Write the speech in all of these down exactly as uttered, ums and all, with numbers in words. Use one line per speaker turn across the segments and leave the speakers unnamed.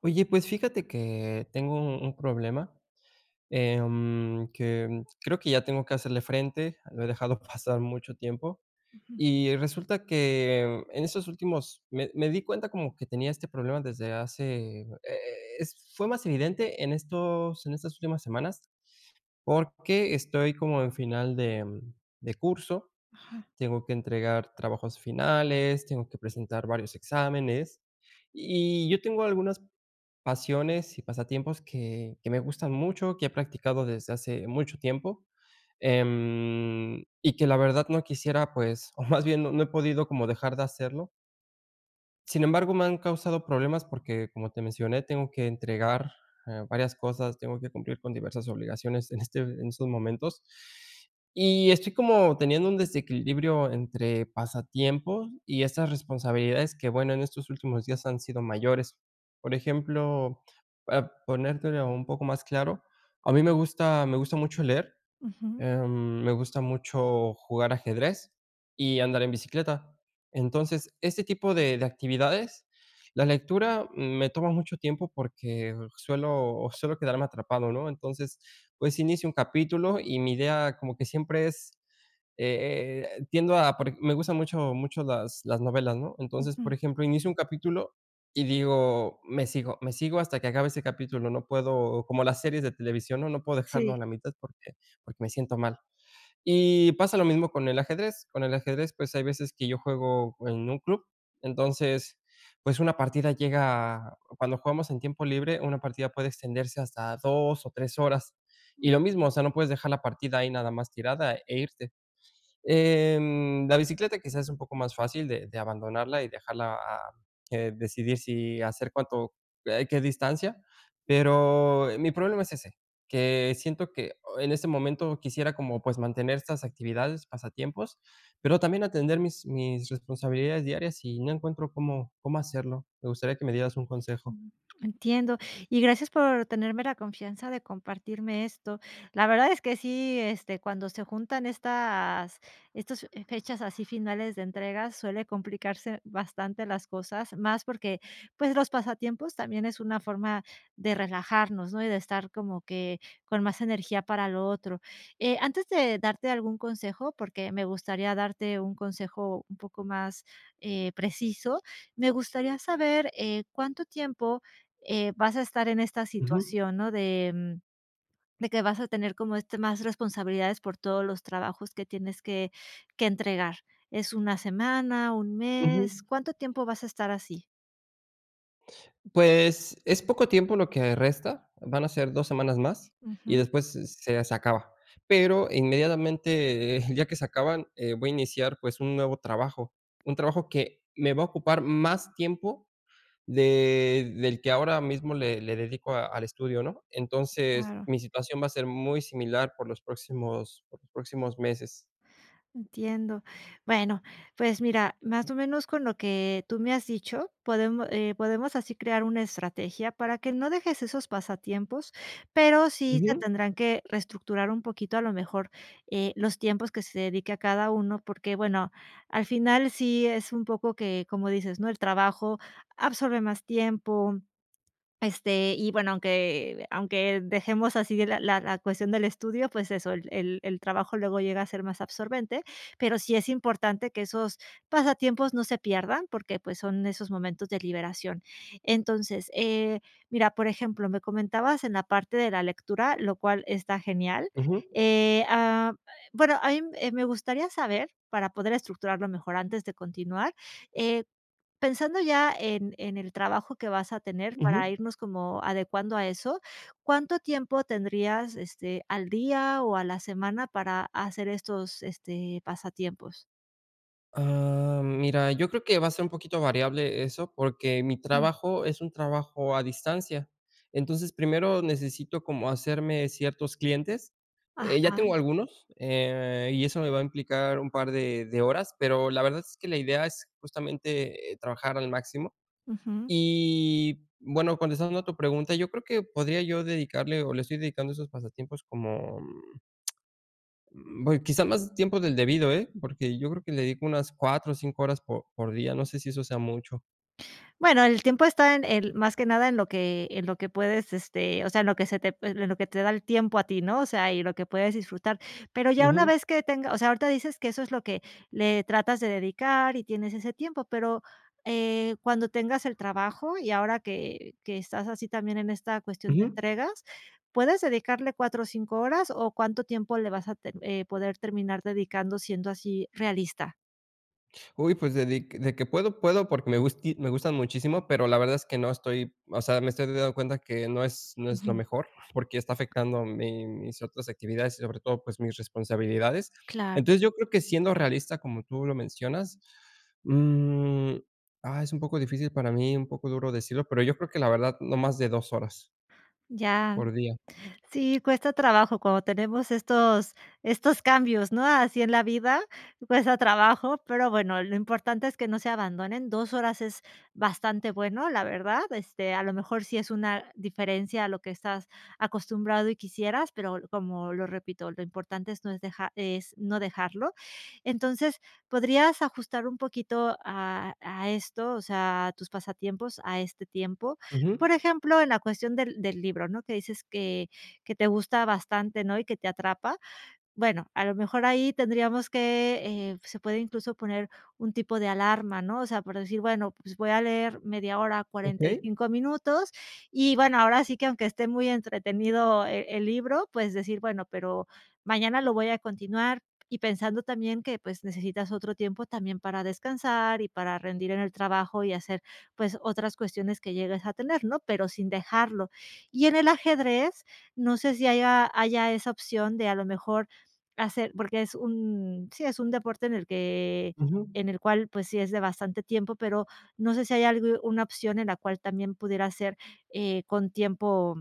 Oye, pues fíjate que tengo un un problema, eh, mm, que creo que ya tengo que hacerle frente. Lo he dejado pasar mucho tiempo
Ujú.
y resulta que en estos últimos me me di cuenta como que tenía este problema desde hace, eh, es fue más evidente en estos en estas últimas semanas, porque estoy como en final de de curso.
Ajá.
Tengo que entregar trabajos finales. Tengo que presentar varios exámenes, y y yo tengo algunas pasiones y pasatiempos que que me gustan mucho, que he practicado desde hace mucho tiempo, em, y que la verdad no quisiera, pues, o más bien no he podido como dejar de hacerlo. Sin embargo, me han causado problemas porque como te mencioné, tengo que entregar, eh, varias cosas. Tengo que cumplir con diversas obligaciones en este en estos momentos. Y estoy como teniendo un desequilibrio entre pasatiempos y estas responsabilidades, que bueno, en estos últimos días han sido mayores. Por ejemplo, para ponértelo un poco más claro. A mí me gusta, me gusta mucho leer,
Ujú.
eh, me gusta mucho jugar ajedrez y andar en bicicleta. Entonces, este tipo de de actividades, la lectura me toma mucho tiempo porque suelo suelo quedarme atrapado, ¿no?, entonces, pues, inicio un capítulo y mi idea como que siempre es, eh eh eh, tiendo a porque me gustan mucho, mucho las las novelas, ¿no?, entonces,
Ujú.
por ejemplo, inicio un capítulo y digo: "Me sigo, me sigo hasta que acabe ese capítulo", no puedo como las series de televisión, ¿no?, no puedo dejarlo
Sí.
a la mitad porque porque me siento mal, y pasa lo mismo con el ajedrez, con el ajedrez, pues, hay veces que yo juego en un club, entonces, pues, una partida llega cuando jugamos en tiempo libre, una partida puede extenderse hasta dos o tres horas.
Uh.
Y lo mismo, o sea, no puedes dejar la partida ahí nada más tirada e irte. Eh, mm, la bicicleta, quizás es un poco más fácil de de abandonarla y dejarla, ah, ah, que decidir si hacer cuánto, eh, qué distancia. Pero, eh, mi problema es ese, que siento que o en este momento quisiera como, pues, mantener estas actividades, pasatiempos, pero también atender mis mis responsabilidades diarias, y no encuentro cómo cómo hacerlo. Me gustaría que me dieras un consejo.
Ujú. Entiendo, y gracias por tenerme la confianza de compartirme esto. La verdad es que sí, este, cuando se juntan estas estas, eh, fechas así finales de entrega suele complicarse bastante las cosas más porque, pues, los pasatiempos también es una forma de relajarnos, ¿no?, y de estar como que con más energía para lo otro. Eh, antes de darte algún consejo porque me gustaría darte un consejo un poco más, eh, preciso. Me gustaría saber, eh, ¿cuánto tiempo, eh, vas a estar en esta
Ujú.
situación?, ¿no?, de, mm, de que vas a tener como, este, más responsabilidades por todos los trabajos que tienes que que entregar, es una semana, un mes.
Ujú.
¿Cuánto tiempo vas a estar así?
Pues, es poco tiempo lo que resta, van a ser dos semanas más y
Ujú.
después se se se acaba, pero inmediatamente, eh, el día que se acaban, eh, voy a iniciar, pues, un nuevo trabajo, un trabajo que me va a ocupar más tiempo de, del que ahora mismo le le dedico a al estudio, ¿no?, entonces
Claro.
mi situación va a ser muy similar por los próximos por los próximos meses.
Entiendo, bueno, pues mira, más o menos con lo que tú me has dicho, podemos, eh, podemos así crear una estrategia para que no dejes esos pasatiempos, pero sí se
Ujú.
tendrán que reestructurar un poquito, a lo mejor, eh, los tiempos que se dedique a cada uno porque bueno, al final sí es un poco que como dices, ¿no?, el trabajo absorbe más tiempo, este, y bueno, aunque aunque dejemos así la la la cuestión del estudio, pues eso, el el el trabajo luego llega a ser más absorbente, pero sí es importante que esos pasatiempos no se pierdan porque, pues, son esos momentos de liberación, entonces, eh, mira, por ejemplo, me comentabas en la parte de la lectura, lo cual está genial,
Ujú.
eh ah eh, bueno, ahí me gustaría saber para poder estructurarlo mejor antes de continuar, eh, pensando ya en en el trabajo que vas a tener para
Ujú.
irnos como adecuando a eso, ¿cuánto tiempo tendrías, este, al día o a la semana para hacer estos, este, pasatiempos?
Ah, mira, yo creo que va a ser un poquito variable eso porque mi
Jum.
trabajo es un trabajo a distancia, entonces primero necesito como hacerme ciertos clientes, eh, ya
Ajá.
tengo algunos, eh, y eso me va a implicar un par de de horas, pero la verdad es que la idea es justamente trabajar al máximo,
Ujú.
y bueno, contestando a tu pregunta, yo creo que podría yo dedicarle o le estoy dedicando esos pasatiempos como mm mm, voy, quizá más tiempo del debido, eh, porque yo creo que le dedico unas cuatro o cinco horas por por día, no sé si eso sea mucho.
Bueno, el tiempo está en el más que nada en lo que en lo que puedes, este, o sea, en lo que se te en lo que te da el tiempo a ti, ¿no?, o sea, y lo que puedes disfrutar, pero ya una
Ujú.
vez que tenga o sea, ahorita dices que eso es lo que, le tratas de dedicar y tienes ese tiempo, pero, eh, cuando tengas el trabajo y ahora que que estás así también en esta cuestión de
Ujú.
entregas, ¿puedes dedicarle cuatro o cinco horas?, o, ¿cuánto tiempo le vas a te eh, poder terminar dedicando siendo así realista?
Uy, pues de dic de que puedo puedo porque me gusti me gustan muchísimo, pero la verdad es que no estoy o sea, me estoy dando cuenta que no es no es lo
Ujú.
mejor porque está afectando mi mis otras actividades y sobre todo, pues mis responsabilidades.
Claro.
Entonces yo creo que siendo realista como tú lo mencionas, mm, ah es un poco difícil para mí, un poco duro decirlo, pero yo creo que la verdad, no más de dos horas.
Ya.
Por día.
Sí, cuesta trabajo cuando tenemos estos estos cambios, ¿no?, así en la vida, cuesta trabajo, pero bueno, lo importante es que no se abandonen, dos horas es bastante bueno, la verdad, este a lo mejor sí es una diferencia a lo que estás acostumbrado y quisieras, pero l como lo repito, lo importante es no es deja es no dejarlo, entonces podrías ajustar un poquito a a esto, o sea, a tus pasatiempos a este tiempo,
Ujú.
por ejemplo, en la cuestión del del libro, ¿no?, que dices que que te gusta bastante, ¿no?, y que te atrapa, bueno, a lo mejor ahí tendríamos que eh, se puede incluso poner un tipo de alarma, ¿no?, o sea, por decir bueno, pues voy a leer media hora, cuarenta y
Okey.
cinco minutos y bueno, ahora sí que aunque esté muy entretenido e el libro, pues decir: "Bueno, pero mañana lo voy a continuar", y pensando también que pues necesitas otro tiempo también para descansar y para rendir en el trabajo y hacer, pues otras cuestiones que llegues a tener, ¿no?, pero sin dejarlo. Y en el ajedrez, no sé si haya haya esa opción de a lo mejor hacer porque es un sí, es un deporte en el que
Ujú.
en el cual pues sí es de bastante tiempo, pero no sé si haya algu una opción en la cual también pudiera ser, eh, con tiempo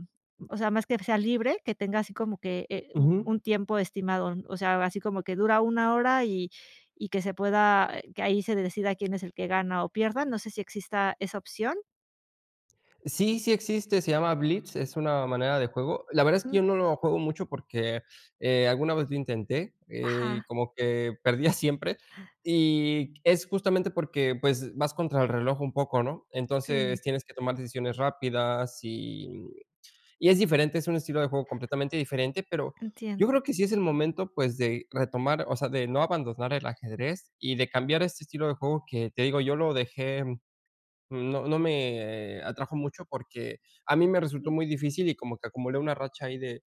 o sea, más que sea libre, que tenga así como que, eh, u
Ujú.
un tiempo estimado, o sea, así como que dura una hora y y que se pueda que ahí se decida quién es el que gana o pierda, no sé si exista esa opción.
Sí, sí existe, se llama Blitz, es una manera de juego, la verdad es que yo
Ujú.
no lo juego mucho porque, eh, alguna vez lo intenté, eh,
Ajá.
como que perdía siempre y es justamente porque, pues, vas contra el reloj un poco, ¿no?,
Sí.
entonces tienes que tomar decisiones rápidas y y es diferente, es un estilo de juego completamente diferente, pero,
Entiendo.
yo creo que sí es el momento, pues, de retomar, o sea, de no abandonar el ajedrez y de cambiar este estilo de juego que te digo, yo lo dejé, no no me atrajo mucho porque a mí me resultó
Sí.
muy difícil y como que acumulé una racha ahí de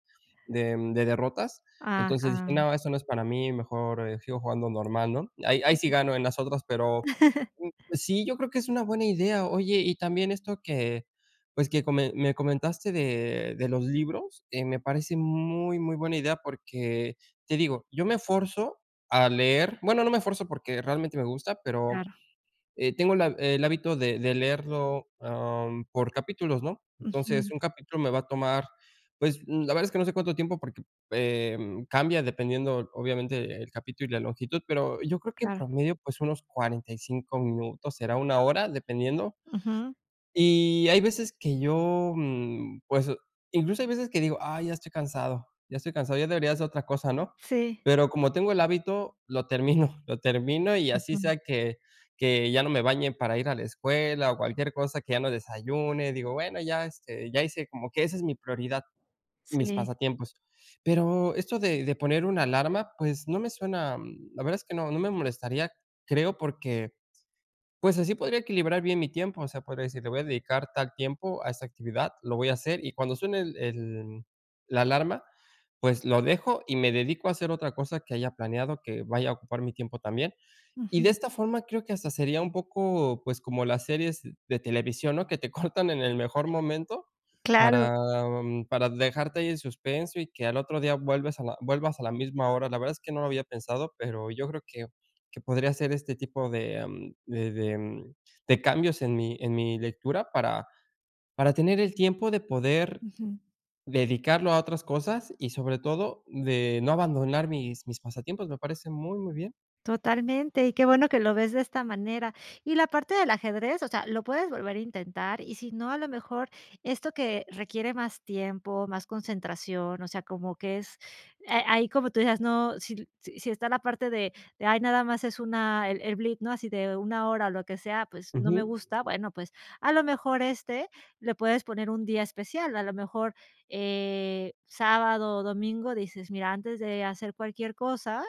de de derrotas, entonces dije:
Ajá.
"No, eso no es para mí, mejor, sigo jugando normal", ¿no?, ahí ahí sí gano en las otras, pero, sí, yo creo que es una buena idea, oye, y también esto que, pues, que com me comentaste de de los libros, eh, me parece muy, muy buena idea porque te digo, yo me esfuerzo a leer, bueno, no me esfuerzo porque realmente me gusta, pero,
Claro.
eh, tengo la el hábito de de leerlo, am, por capítulos, ¿no?, entonces
Ujú.
un capítulo me va a tomar, pues, la verdad es que no sé cuánto tiempo porque, eh, cambia dependiendo obviamente el capítulo y la longitud, pero yo creo que en
Claro.
promedio, pues, unos cuarenta y cinco minutos será una hora dependiendo,
Ujú.
y hay veces que yo, mm, pues, incluso hay veces que digo: "ay, ya estoy cansado ya estoy cansado, ya debería ser otra cosa, ¿no?",
Sí.
pero como tengo el hábito, lo termino, lo termino y así
Ujú.
sea que que ya no me bañe para ir a la escuela o cualquier cosa que ya no desayune, digo bueno, ya, este, ya hice, como que esa es mi prioridad, mis
Sí.
pasatiempos, pero esto de de poner una alarma, pues, no me suena, la verdad es que no no me molestaría, creo, porque, pues, así podría equilibrar bien mi tiempo, o sea, podría decir le voy a dedicar tal tiempo a esta actividad, lo voy a hacer y cuando suene el el la alarma, pues, lo dejo y me dedico a hacer otra cosa que haya planeado que vaya a ocupar mi tiempo también y de
Ujú.
esta forma, creo que hasta sería un poco, pues, como las series de televisión, ¿no?, que te cortan en el mejor momento
Claro.
para para dejarte ahí en suspenso y que al otro día vuelves a la vuelvas a la misma hora, la verdad es que no lo había pensado, pero yo creo que que podría hacer este tipo de de de de cambios en mi en mi lectura para para tener el tiempo de poder,
Ujú.
dedicarlo a otras cosas y sobre todo, de no abandonar mis mis pasatiempos, me parece muy, muy bien.
Totalmente. Y qué bueno que lo ves de esta manera. Y la parte del ajedrez, o sea, lo puedes volver a intentar. Y sí no, a lo mejor esto que, requiere más tiempo, más concentración, o sea, como que es eh, ahí como tú dices no, sí sí sí está la parte de de ay, nada más es una el el blitz, ¿no?, así de una hora o lo que sea, pues, no me
Ujú.
gusta, bueno, pues a lo mejor éste, le puedes poner un día especial. A lo mejor, eh, sábado o domingo, dices: "Mira, antes de hacer cualquier cosa,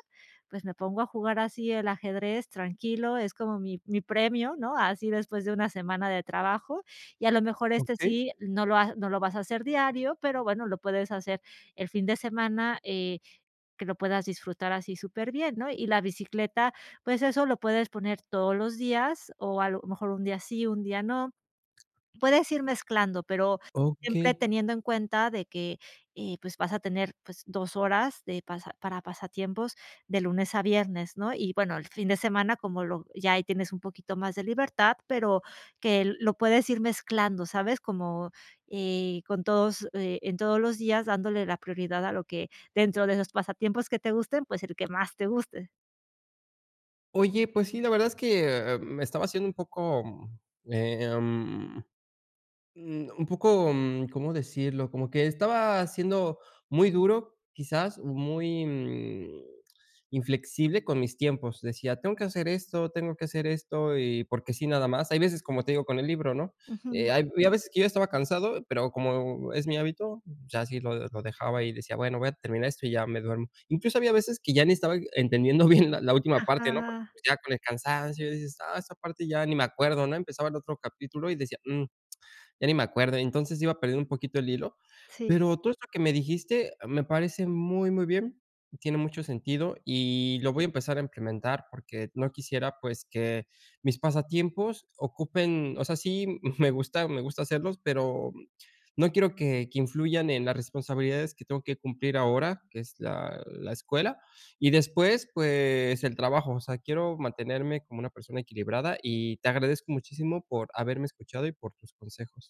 pues me pongo a jugar así, el ajedrez, tranquilo, es como mi mi premio", ¿no?, así, después de una semana de trabajo. Y, a lo mejor este,
Okey.
sí, no lo ha no lo vas a hacer diario, pero bueno, lo puedes hacer el fin de semana, eh, que lo puedas disfrutar así súper bien, ¿no?, y la bicicleta, pues eso lo puedes poner todos los días, o a lo mejor un día sí, un día no. Puedes ir mezclando, pero siempre
Okey.
teniendo en cuenta de que, eh, pues vas a tener, pues dos horas de pasa para pasatiempos de lunes a viernes, ¿no?, y bueno, el fin de semana, como lo ya ahí tienes un poquito más de libertad, pero que lo puedes ir mezclando, ¿sabes?, como eh con todos, eh en todos los días, dándole la prioridad a lo que dentro de los pasatiempos que te gusten, pues el que más te guste.
Oye, pues sí, la verdad es que me estaba haciendo un poco, em, un poco cómo decirlo como que estaba siendo muy duro, quizás muy mm inflexible con mis tiempos decía tengo que hacer esto tengo que hacer esto y porque sí, nada más. Hay veces, como te digo, con el libro ¿no?,
Ujú.
hay a veces que yo estaba cansado, pero como es mi hábito, ya así lo lo dejaba y decía bueno, voy a terminar esto y ya me duermo. Incluso había veces que ya ni estaba entendiendo bien la última parte, no
Ajá.
ya con el cansancio dices ah, esa parte ya ni me acuerdo, ¿no?, empezaba el otro capítulo y decía, mm, ya ni me acuerdo. Entonces iba a perder un poquito el hilo,
Sí.
pero todo esto que me dijiste me parece muy, muy bien. Tiene mucho sentido y lo voy a empezar a implementar porque no quisiera pues que mis pasatiempos ocupen o sea sí, me gusta me gusta hacer pero no quiero que que influyan en las responsabilidades que tengo que cumplir ahora, que es la la escuela y después, pues el trabajo. O sea, quiero mantenerme como una persona equilibrada y te agradezco muchísimo por haberme escuchado y por tus consejos.